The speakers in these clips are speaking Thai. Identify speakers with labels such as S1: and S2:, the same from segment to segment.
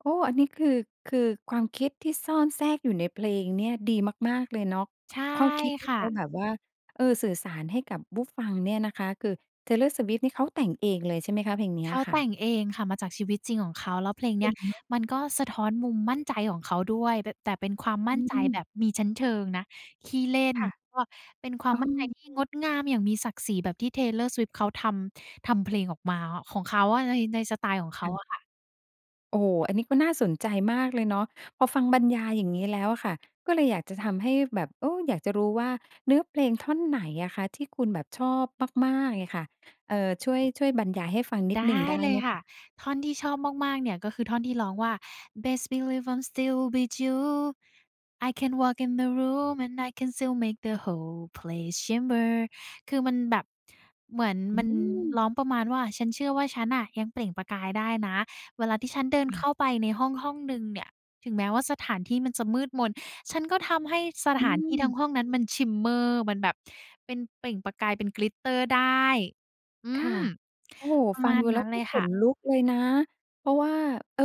S1: โอ้ อันนี้คือ คือความคิดที่ซ่อนแทรกอยู่ในเพลงเนี่ยดีมาก ๆ เลยเนาะ
S2: ใช่
S1: ข้อคิดที
S2: ค
S1: ่
S2: ่
S1: เ
S2: ะ
S1: ขาแบบว่า เออ สื่อสารให้กับผู้ฟังเนี่ยนะคะ คือ Taylor Swift นี่เขาแต่งเองเลยใช่ไหมคะ เพลงเนี้
S2: เข
S1: ย
S2: า
S1: ค่
S2: แต่
S1: ะ?
S2: งเองค่ะ มาจากชีวิตจริงของเขา แล้วเพลง
S1: เ
S2: เน
S1: ก
S2: ี้
S1: ่
S2: ย
S1: งเนาะ
S2: มันก็สะท้อนมุมมั่นใจของเขาด้วย เป็น แต่เป็นความม
S1: อ
S2: ั่นใจแ
S1: ืม
S2: บบมีชั้นเชิงนะ ขี้เล่น
S1: ค่ะ
S2: ก็เป็นคว
S1: เ
S2: า
S1: อ
S2: มมั่นใจ
S1: อ
S2: ที่งดงามอย่างมีศักดิ์ศรีแบบที่ Taylor Swift เขาทำ ทำเพลงออกมาของเขาอะ ใน ในสไตล์ของเข
S1: ค่
S2: า
S1: ะ
S2: อะค่ะ
S1: โอ้ อันนี้ก็น่าสนใจมากเลยเนาะ พอฟังบรรยายอย่างงี้แล้วอะค่ะ ก็เลยอยากจะทำให้แบบ เออ อยากจะรู้ว่าเนื้อเพลงท่อนไหนอะคะที่คุณแบบชอบมาก ๆ เงี้ยค่ะ เอ่อ ช่วย ช่วยบรรยายให้ฟังนิ
S2: ไ
S1: ด
S2: ด
S1: หนึ่ง
S2: ้
S1: ได้
S2: เล
S1: ไ
S2: ย
S1: หม
S2: ค่
S1: ค
S2: ะ
S1: ะ?
S2: ท่อนที่ชอบมาก ๆ เนี่ย ก็คือท่อนที่ร้องว่า Best believe I'm still bejeweled When I walk in the room I can still make the whole place shimmer คือมันแบบ เหมือน
S1: อื
S2: มัน
S1: ม
S2: ร้องประมาณว่า ฉันเชื่อว่าฉันน่ะยังเปล่งประกายได้นะ เวลาที่ฉันเดิ
S1: ค
S2: น
S1: ่
S2: เข
S1: ะ
S2: ้าไปในห้อง ห้องหนึ่งเนี่ย ถึงแม้ว่าสถานที่มันจะมืดมน ฉันก็ทำให้ส
S1: อ
S2: ถ
S1: ื
S2: านที่ทั
S1: ม
S2: ้งห้องนั้นมัน shimmer มันแบบเป็นเปล่งประกายเป็น glitter ได้ อื
S1: ค่ะ
S2: ม
S1: โอ้โฮ!
S2: ประ
S1: ฟั
S2: ม
S1: ง
S2: าณ
S1: ดู
S2: น
S1: แล
S2: ั
S1: ้
S2: ้
S1: ว
S2: น
S1: ก
S2: เ
S1: ็
S2: ลย
S1: ข
S2: ค่ะ
S1: นลุกเลยนะ เพราะว่า เออ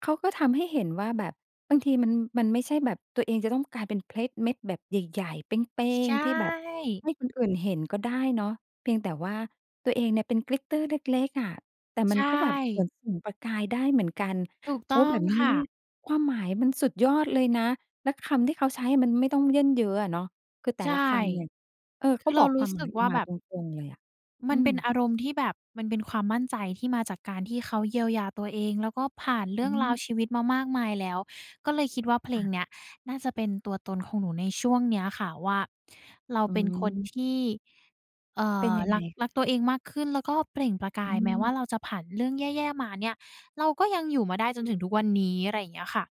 S1: เขาก็ทำให้เห็นว่าแบบบางทีมัน มันไม่ใช่แบบตัวเองจะต้องกลายเป็นเพชรเม็ดแบบใหญ่ ๆ เป้
S2: ใช
S1: ง ๆ ที่แบบ
S2: ่
S1: ให้คนอื่นเห็นก็ได้เนาะ เพียงแต่ว่าตัวเองเนี่ยเป็น glitter เล็ก ๆ อะ แต่ม
S2: ใช
S1: ันก็แบบเหมื
S2: ่
S1: อนส่องประกายได้เหมือนกัน
S2: ถูก
S1: โ
S2: ต
S1: อ้
S2: ้อ
S1: แบ
S2: ง
S1: บนี้
S2: ค่
S1: เนี่
S2: ะ
S1: ย ความหมายมันสุดยอดเลยนะ แล้วคำที่เขาใช้มันไม่ต้องเยิ่นเย้ออะเนาะ คือแต
S2: ใ
S1: ่
S2: ช่
S1: ละคำเนี่ย เออ
S2: ค
S1: เข
S2: ื
S1: า
S2: อเร
S1: บ
S2: า
S1: อก
S2: ร
S1: ค
S2: ู
S1: ว
S2: ้
S1: ามห
S2: ส
S1: ม
S2: ึ
S1: าย
S2: ก
S1: อ
S2: ว
S1: อ
S2: ่
S1: ก
S2: า
S1: ม
S2: แ
S1: า
S2: บ
S1: ต
S2: บ
S1: รง ๆ เลยอะ
S2: มั
S1: อื
S2: นเป็น
S1: ม
S2: อารมณ์ที่แบบมันเป็นความมั่นใจที่มาจากการที่เขาเยียวยาตัวเอง แล้วก็ผ่านเรื
S1: อ
S2: ่
S1: ื
S2: องราว
S1: ม
S2: ชีวิตมามากมายแล้ว ก็เลยคิดว่า เพ
S1: ค
S2: ล
S1: ่
S2: ง
S1: ะ
S2: เนี้ยน่าจะเป็นตัวตนของหนูในช่วงเนี้ยค่ะว่า เรา
S1: อ
S2: เป็นคน
S1: ืม
S2: ที่ เอ่
S1: เป็น
S2: อ
S1: ยัง
S2: ร
S1: ไง
S2: ัก
S1: ค
S2: ร
S1: ่
S2: ั
S1: ะ?
S2: กตัวเองมากขึ้น แล้วก็เปล่งประก
S1: อ
S2: า
S1: ื
S2: ย แม้ว่า
S1: ม
S2: เราจะผ่านเรื่องแย่ ๆ มาเนี่ย เราก็ยังอยู่มาได้จนถึงทุกวันนี้ อะไรอย่างเงี้ยค่ะ